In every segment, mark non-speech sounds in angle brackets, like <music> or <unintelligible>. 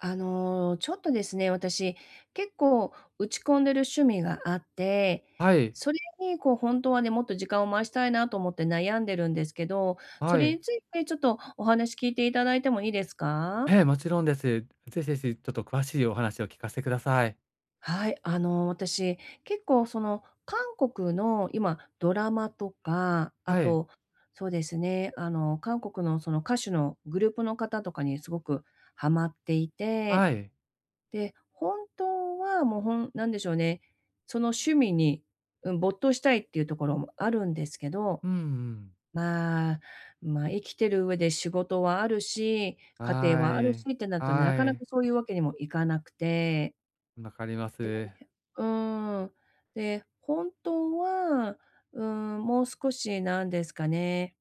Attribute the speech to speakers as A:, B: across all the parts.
A: あの、ちょっとですね、私結構打ち込んでる趣味があって、
B: はい。
A: それにこう、ほんとはね、もっと時間を回したいなと思って悩んでるんですけど、そ
B: は
A: れ
B: い。
A: についてちょっとお話聞いて頂いてもいいですか？
B: ええ、もちろんです。ぜひぜひちょっと詳しいお話を聞かせてください。
A: はい、あの、私、結構その、韓国の今、ドラマとか、あ
B: はい。
A: と、そうですね、あの、韓国のその、歌手のグループの方とかにすごくはまっていて、
B: はい。
A: で、ほんとはもう、ほん何でしょうね、その趣味に、うん、没頭したいっていうところもあるんですけど、
B: うんうん。
A: まあ、ま、生きてる上で仕事はあるし、家
B: は
A: 庭はあるし
B: い、
A: ってなるとね、な
B: は
A: かな
B: い。
A: かそういう訳にもいかなくて。
B: 分かりま
A: で、
B: す。
A: <unintelligible> うーん、で、本当は、うーん、もう少しなんですかね。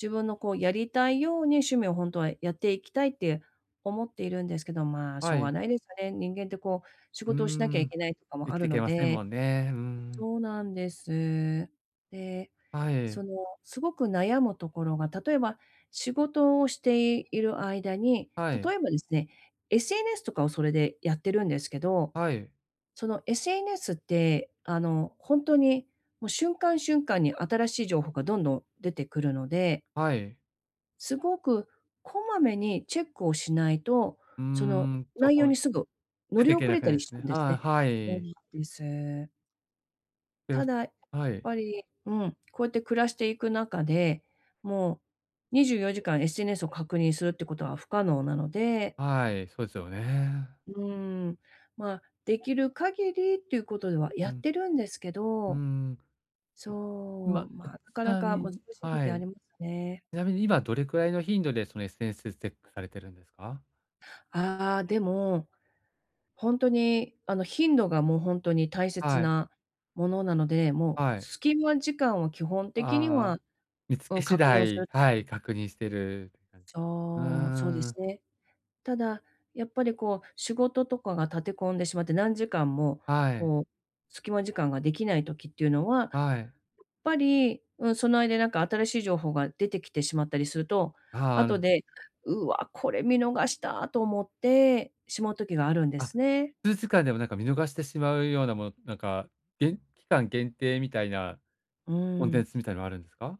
A: 自分のこう、やりたいように、趣味をほんとはやっていきたいって、思っているんですけど、まあ、し
B: は
A: ょうが
B: い。
A: ないですよね、人間ってこう、仕
B: う
A: 事をしなきゃい
B: ん、
A: けないとかも
B: 生
A: あ
B: き
A: る
B: てけ
A: の
B: ません
A: で。
B: もんね、うん。
A: そうなんです。で、
B: は
A: そ
B: い。
A: の、すごく悩むところが、例えば、仕事をしている間に、
B: はい。
A: 例えばですね、SNS とかをそれでやってるんですけど、
B: はい。
A: その SNS って、あの、ほんとに、もう瞬間瞬間に新しい情報がどんどん出てくるので
B: はい。
A: 凄く、こまめにチェックをしないと、
B: うー
A: その、
B: ん、と、
A: 内容
B: ほい
A: にすぐ乗
B: 出
A: り
B: てけ
A: 遅
B: な
A: れ
B: く
A: た
B: な
A: り
B: い
A: しち
B: す
A: ゃうん
B: ね。
A: ですね。
B: ああ、は
A: そん
B: い。
A: な、ぷりす。
B: え、う
A: た
B: す
A: だ、いやっ
B: はい。
A: ぱり、うん、こうやって暮らしていく中で、もう、24時間 SNS を確認するってことは不可能なので
B: はい、そえすよね。
A: うーん、まあ、出来る限りっていうことでは
B: う
A: やっ
B: ん。
A: てるんですけ
B: うー
A: ど。
B: ん。うま、
A: そう、ま
B: う
A: あ、
B: ち
A: なかな
B: なみ
A: か難し
B: に
A: い
B: は
A: 時あ
B: い。
A: りますよね。
B: ちなみに今どれくらいの頻度で、その、SNSチェックされてるんですか？
A: ああああ、でも、ほんとに、あの、頻度がもう、ほんとに大切
B: はい。
A: なものなので、もう
B: はい。
A: 隙間時間は基本
B: あ
A: 的に
B: ああ
A: は
B: あ、見つ
A: う
B: け
A: ん、
B: 次
A: 確認をす
B: 第
A: ると。
B: はい、確認してるっかんうー
A: そう、そうで
B: ん、う
A: す
B: ん。
A: ね。ただ、やっぱりこう、仕事とかが立て込んでしまって、何時間も、
B: はい。
A: こう、隙間時間ができない時っていうのは、
B: はい。
A: ぱり、うん、その間になんか新しい情報が出てきてしまったりすると、
B: はあ、う
A: 後
B: ん。
A: で「うわ、これ見逃した」と思ってしまう時があるんで
B: あ、
A: すね。
B: 数時間でも、なんか、見逃してしまうようなもの、なんか、げん期間限定みたいな
A: う
B: コン
A: ー
B: テン
A: ん。
B: ツみたいなの、あるんすか？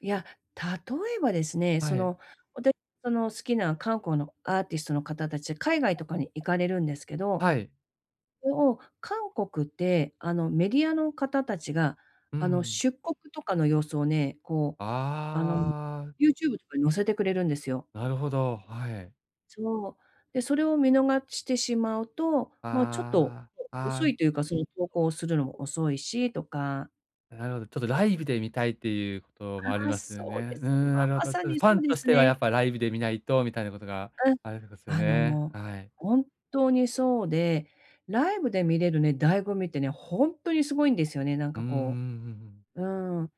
A: いや、例えばですね、
B: は
A: そ
B: い。
A: の、わたいその、好きな、かんこうのアーティストの方達で、海外とかに行かれるんですけど、
B: はい。
A: それを、韓国って、あの、メディアの方達が、
B: うんう
A: あの、
B: ん。
A: 出国とかの様子をね、こう、あの、
B: ああ。
A: YouTube とかに載せてくれるんですよ。
B: なるほど、はい。
A: そう。で、それを見逃してしまうと、まあ、ちょっと、
B: ああ。
A: お
B: あ
A: 遅い
B: あ。
A: というか、その、投稿するの遅いし、とか。
B: なるほど、ちょっとライブで見たいっていうこともあり
A: ああ、
B: ますよ
A: そうで
B: ね。うー
A: す。ま
B: ん、なるほ
A: ま
B: ど。
A: さ
B: ただフ
A: にそ
B: ァ
A: う
B: ン
A: で
B: とし
A: す
B: ては、や
A: ね。
B: っぱ、ライブで見ないとみたいなことが
A: うん、
B: ありごすよ
A: あ
B: ね、
A: の、
B: はい。
A: 本当にそうで、ライブで見れるね、醍醐味ってね、ほんとに凄いんですよね、なん
B: う
A: か、
B: ーん、うん、う
A: こ
B: んうん。
A: ううーん。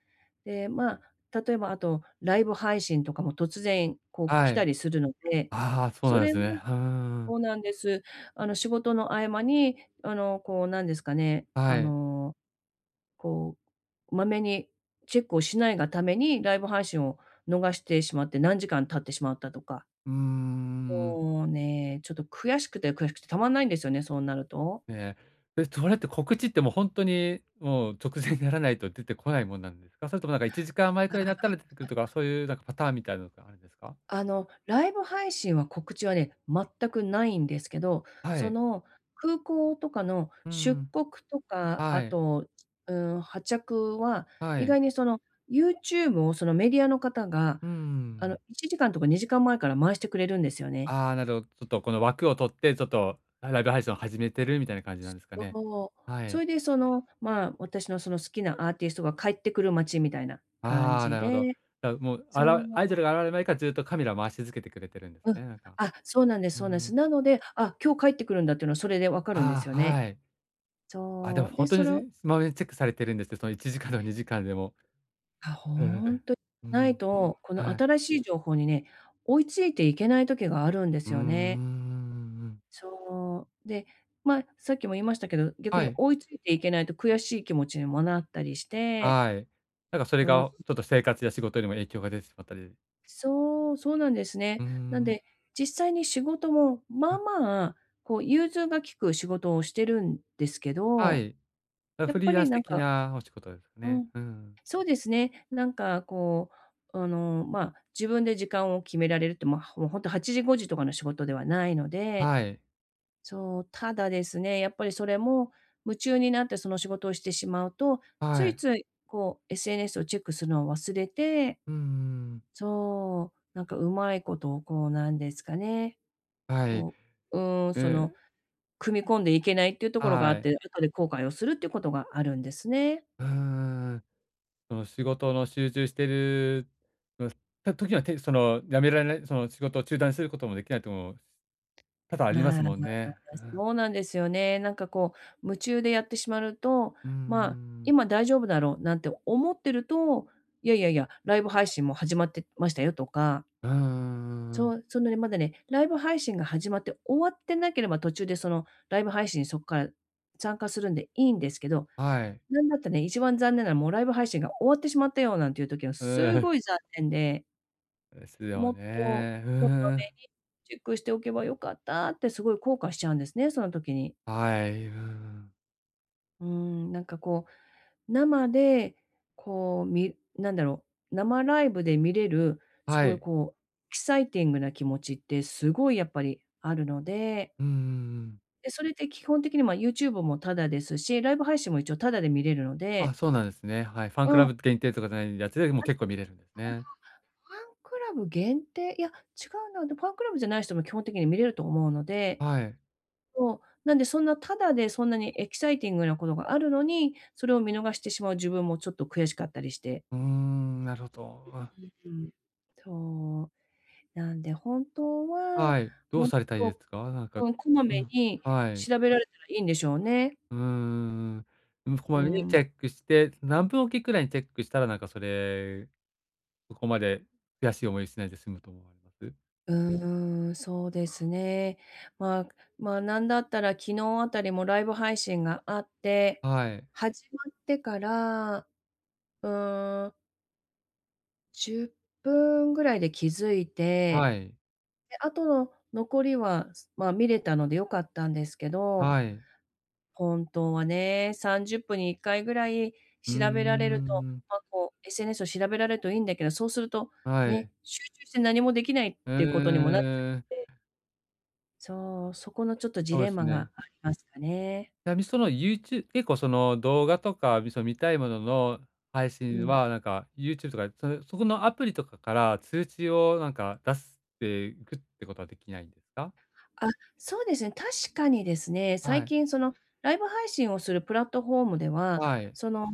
A: で、まあ、例えば、あと、ライブ配信とかも突然、こう、来
B: は
A: た
B: い。
A: りするので、
B: ああ、はあ、そう
A: そ
B: なん
A: れ
B: す
A: も
B: ね。ふーん。
A: そうなんです。あの、仕事の合間に、あの、こう、なんですかね、
B: は
A: あ
B: い。
A: の、こう、まめにチェックをしないがために、ライブ配信を逃してしまって、何時間経ってしまったとか
B: うーん。
A: もうね、ちょっと悔しくて悔しくてたまんないんですよね、そうなると。
B: ええ。え、それって告知ってもうほんとに、もう直前にならないと出てこないもんなんですか？それとも、なんか、1時間前く
A: あ
B: らいになった
A: あ
B: ら出てくるとか、
A: <unintelligible>
B: そうゆう、なんかパターンみたいなのってあんですか？
A: あの、ライブ配信は、告知はね、全く無いんですけど、
B: は
A: そ
B: い。
A: の、空港とかの
B: うんう
A: 出
B: ん。
A: 国とか、
B: は
A: あ
B: い。
A: と、うーん、発着は、
B: は
A: 意
B: い。
A: 外に、その、YouTube を、その、メディアの方が、
B: うんうんう
A: あの、
B: ん。
A: 1時間とか2時間前から回してくれるんですよね。
B: ああ、なるほちょっと、この、枠を取って、ちょっと、らいライブ配信を始めてるみたいな感じな
A: す
B: んすかね。
A: そう。
B: は
A: そ
B: い。
A: れで、その、まあ、私のその好きなアーティストが帰って来る待ちみたいな感
B: ああ、
A: じ
B: なるほど。
A: で。
B: じゃ、もう、あ
A: そう。
B: らアイドルが現れる前からずっとカメラを回し続けてくれてるんです
A: うん。
B: ね、なんか。
A: あ、そうなんです、
B: う
A: そうなん
B: んうん。
A: す。なので、あ、今日帰って来るんだっていうのはそれで分かるんです
B: あ
A: よ
B: あ、
A: ね。
B: はい。あ、でも、
A: そう、
B: ほ
A: で、
B: んと
A: そ
B: に、ず
A: れを
B: ぃまめにチェックされてるんですって、その、1時間、2時間でも。
A: は、
B: うーん、
A: ほんと、
B: うん、うー
A: ない
B: ん。
A: と、この
B: はい。
A: 新しい情報にね、追いついていけない時があるんで
B: うー
A: す
B: んうーん、う
A: よ
B: ん
A: ね。
B: うんうん。
A: そ。で、ま、さっきも言いましたけど、逆
B: は
A: に
B: い。
A: 追いついていけないと悔しい気持ちにもなったりして。
B: はい。なんか、それ
A: うん。
B: が、ちょっと生活や仕事にも影響が出てしまったり。
A: そう、そうなんです
B: う
A: ね。
B: ん
A: なん
B: うん。
A: で、実際に仕事も、まあ
B: あ。
A: まあ、こう融通が利く仕事をしてるんですけ
B: は
A: ど、
B: い。あ、
A: やっ
B: フリ
A: ぱ
B: ーラ
A: り
B: ンス
A: なん
B: 的
A: か
B: なお仕事、
A: う
B: ね。
A: ん。
B: うんうん。
A: そうですね、なんか、こう、あの、まあ、自分で時間を決められるって、ま、はもう、ほんと、8時、5時とかの仕事ではないので、
B: はい。
A: そう、ただですね、やっぱりそれも、夢中になってその仕事をしてしまうと、
B: は
A: つい
B: い。
A: つい、こう、SNS をチェックするのを忘れて、
B: うん、うーん。
A: そう、なんか上手いこと、こう、なんですかね、
B: はい。
A: こう、うーん、その、
B: う。
A: 組み込んでいけないっていうところがあ
B: は
A: っ
B: い。
A: て、後で後悔をするっていうことがあるんですね。
B: うーん、うん。その仕事の集中してるの、と時は、てその、止められないその、仕事を中断することもできないと、もう、多々ありま
A: ま
B: す
A: あま
B: もんね。う
A: あ、
B: ん。
A: そうなんですよね。なんかこう、夢中でやってしまると、
B: うーん、う
A: まあ、
B: んうん。
A: 今大丈夫だろうなんて思ってると、いやいやいや、ライブ配信、も、始まってましたよとか
B: うんうんうんう
A: そ
B: ん。
A: う、そんなね、まだね、ライブ配信が始まって、終わってなければ、途中で、その、ライブ配信そっから参加するんでいいんですけど、
B: はい。
A: なんだったね、1番残念なの、もう、ライブ配信が終わってしまったよ、なんてゆう時は
B: うん、
A: す
B: う、
A: ご
B: ふ。
A: い残念で
B: ですよ
A: もっと、
B: ね、う
A: こま
B: ー
A: め
B: ん。
A: にチェックしておけば良かったって凄い後悔しちゃうんですね、その時に。
B: はい、うん。
A: うーん、なんか、こう、生で、こう、み何だろう、生ライブで見れる、
B: は
A: 凄い、
B: い。
A: こう、エキサイティングな気持ちってすごいやっぱりあるので。
B: うんうんうん。
A: で、それって基本的に、まあ、YouTube もただですし、ライブ配信も一応ただで見れるの
B: あ、
A: で。
B: そうなんですね、はい。ファンク
A: う
B: ラ
A: ん。
B: ブ限定とかじゃないやつでも
A: あ、あ
B: 結構見れるんですね。
A: れは、ファンクラブ限定、いや、違うな、で、ファンクラブじゃない人も基本的に見れると思うので。
B: はい。
A: そう、なんで、そんな、ただでそんなにエキサイティングなことがあるのに、それを見逃してしまう自分もちょっと悔しかったりして。
B: うーん、なるほど。うん。
A: <unintelligible> うん。そう。なんで、本当は
B: はい、どう
A: もっ
B: されたいです
A: と
B: か？なんか
A: うん、こま
B: う
A: め
B: ん、
A: に
B: はい。
A: 調べられたらいいんでしょうね。
B: うんうんうん。うん、こ
A: うー
B: まめに
A: ん。
B: チェックして。何分おきくらいにチェックしたら、なんか、それ、そこまで悔しい思いしないで済むと思われます？
A: うーん、そうですね。ま、ま、なんだったら昨日あたりもライブ配信があって、
B: はい。
A: 始まってから、うーん。10分ぐらいで気付い
B: は
A: て。
B: い。
A: で、あとの残りはま、見れたので良かったんですけど。
B: はい。
A: ほんとはね、30分に1回ぐらい
B: うー
A: 調べられると、
B: ん。
A: ま、こう、SNS を調べられるといいんだけど、そうすると、
B: は
A: ね、
B: い。
A: 集中して何もできないっ
B: え
A: ていうことにもなっちゃう
B: え。
A: ので。そう、そこのちょっとジ
B: そう
A: レ
B: で
A: ン
B: す
A: マが
B: ね。
A: ありますかね。
B: ちなみにそのユーチュ結構その、動画とかその見たいものの、配
A: う
B: 信
A: ん。
B: は、なんか YouTube とか、そそこのアプリとかから、通知をなんか出すっていくってことはできないんですか？
A: あ、そうですね、確かにですね、
B: は
A: 最
B: い。
A: 近そのライブ配信をするプラットフォームでは、
B: はい。
A: その、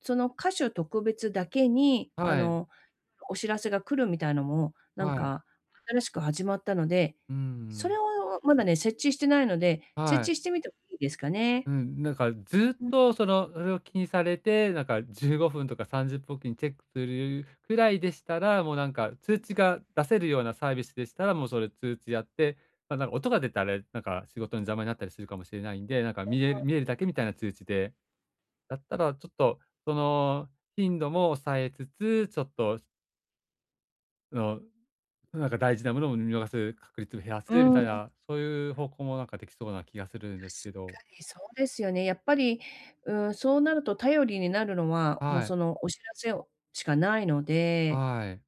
A: その歌手特別だけに、あ
B: はい。
A: の、お知らせが来るみたいのも、何
B: はい。
A: か新しく始まったので、
B: うー
A: それ
B: ん。
A: をまだね、設置してないので、
B: は
A: 設
B: い。
A: 置してみてもいいですかね。
B: うん、なんか、ずっ
A: うん。
B: とそのそれを気にされて、なんか15分とか30分おきにチェックするくらいでしたら、もうなんか通
A: うん。
B: 知が出せるようなサービスでしたら、もうそれ通知やって、なんなら、音が出たれ、なんか仕事の邪魔になったりするかもしれないんで、なんか
A: あ
B: 見え
A: あ、
B: 見え
A: う
B: る
A: ん。
B: だけみたいな通知で、だったらちょっとその頻度も抑えつつ、ちょっとあの、うなんか大事な物を見逃す確率を減ら
A: う
B: すみ
A: ー
B: たい
A: ん。
B: な、そう言う方向もなんか出来そうな気がするん
A: 確
B: ですけど。
A: かにそうですよね、やっぱり、うーん、そうなると頼りになるのは、もう、
B: はい。
A: そのお知らせを、しかないので。
B: はい。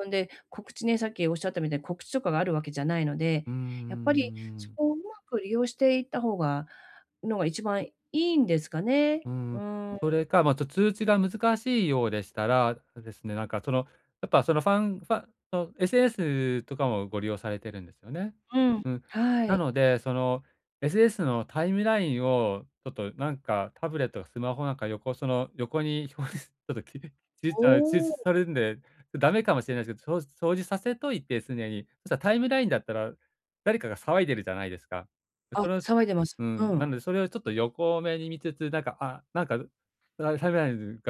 A: そんで、告知ね、さっきおっしゃったみたいに、告知とかがあるわけじゃないので、
B: うー
A: やっぱり、そ
B: ん。
A: こを上手く利用していった方がのが、一番良いんですかね。
B: うー
A: う
B: ん、
A: ーん。
B: それか、ま、ちょ、通知が難しいようでしたら、そですね、なんかそのやっぱ、そのファンファンの、SNS とかもご利用されてるんですよね。
A: うん、
B: うん。
A: は
B: な
A: い。
B: のでその、SNS のタイムラインを、ちょっとなんかタブレット、スマホなんか横その横に表示、ちょっと、き切れちゃう、中止
A: お
B: さ
A: お。
B: れるんで、駄目かもしれないですけど、表示表示させといて常に。そしたらタイムラインだったら、誰かが騒いでるじゃないですか。で
A: あ、
B: その
A: 騒いでます。
B: う
A: う
B: ん、なん
A: ん。
B: でそれをちょっと横目に見つつ、なんか、あ、なんか、<unintelligible> が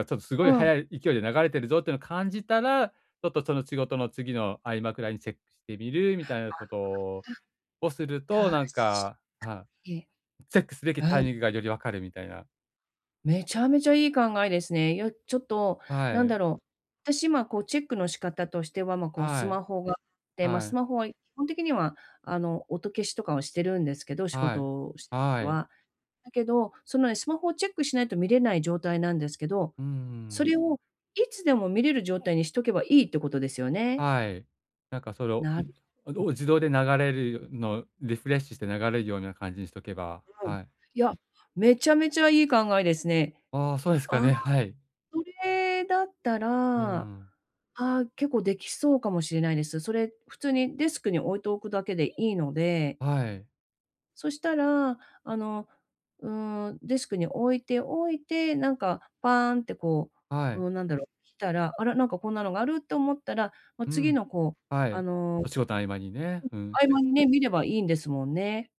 B: ちょっと凄
A: う
B: い
A: ん。
B: 速い勢いで流れてるぞってのを感じたら、ちょっとその仕事の次の合間くらいにチェックしてみる
A: あ
B: みたいな事を
A: あ、
B: をする
A: た
B: と、
A: 確か
B: なんか、あ、
A: に。
B: チェックすべきタ
A: う
B: イ
A: ん。
B: ミングがより分かるみたいな。
A: めちゃめちゃいい考えですね。いや、ちょっと、
B: は
A: 何
B: い。
A: だろう、私今こう、チェックの仕方としては、まあ、こう、ス
B: はい
A: マホがあって、まあ
B: は
A: ス
B: い。
A: マホは基本的には、あの、音消しとかはしてるんですけど、仕
B: はい
A: 事してる時
B: はい。
A: は。だけど、そのね、スマホをチェックしないと見れない状態なんですけど、
B: う
A: そ
B: ん。
A: れをいつでも見れる状態にしとけばいいってことですよね。
B: はい。なんかそれを、
A: なる
B: んお
A: <unintelligible>
B: う自動で流れるよ、のリフレッシュして流れるような感じにしておけば、
A: うん。
B: はい。
A: いや、めちゃめちゃいい考えですね。
B: ああ、そうです
A: あ
B: か
A: あ、
B: ね、はい。
A: それだった
B: う
A: ら、あ
B: ん。
A: あ、結構できそうかもしれないです。それ普通にデスクに置いておくだけでいいので。
B: はい。
A: そしたら、あの、うーん、デスクに置いておいて、なんかパーンってこ
B: は
A: う、
B: い。
A: うーん、なんだろう、来たら、あら、なんかこんなのがあるって思ったら、まあ、
B: う
A: 次
B: ん。
A: のこう、
B: は
A: あ
B: い。
A: の、
B: お仕事の合間にね。うん。
A: 合間にね、見ればいいんですもんね。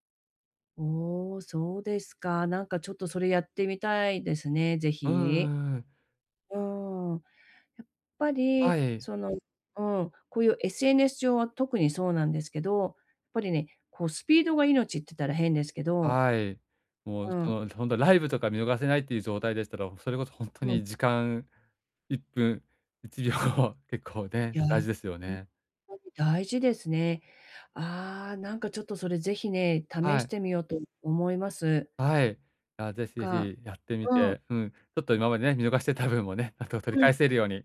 A: おお、そうですか。なんかちょっとそれやってみたいですね、是
B: う
A: 非。
B: んうん。
A: うーん。やっぱり、
B: はい。
A: その、うん、こういう SNS 上は特にそうなんですけど、やっぱりね、こう、スピードが命って言ったら変ですけど。
B: はい、もう、
A: うん。
B: そ本当ライブとか見逃せないいう状態でしたら、それこそ本当
A: うん。
B: に時間1分1秒後結構
A: い
B: ね、
A: や、
B: 大事ですよ
A: 本
B: ね。
A: 当に大事ですね。ああ、なんかちょっとそれ是非ね、試
B: は
A: し
B: い。
A: てみようと思います。
B: はい、いや、ぜひぜ
A: なんか、
B: ひやってみ
A: うん。
B: て、うん、ちょっと今までね、見逃してた分もね、あと取り
A: うん。
B: 返せるように、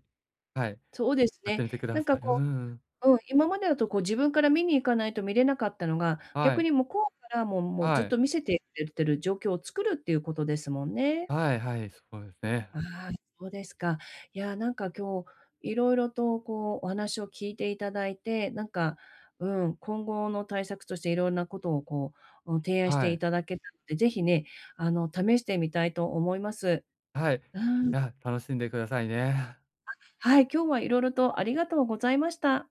B: はい、
A: そうです
B: やっ
A: ね、
B: てみてく
A: な
B: だ
A: んか
B: さい。う
A: こ
B: ん。
A: う、うん、今までだとこう、自分から見に行かないと見れなかったのが、
B: は
A: 逆
B: い。
A: に向こうから、もうもうず
B: は
A: っ
B: い。
A: と見せてくれてる状況を作るっていうことですもんね。
B: はいはい、そうですね。
A: ああ、そうですか。いや、なんか今日、色々とこう、お話を聞いて頂いて、なんか、うん、今後の対策としていろんなことをこう、う提案し
B: は
A: て
B: い。
A: 頂けたので、是非ね、あの、試してみたいと思います。
B: はい、
A: うん。
B: や、楽しんでくださいね。
A: あ、はい、今日はいろいろとありがとうございました。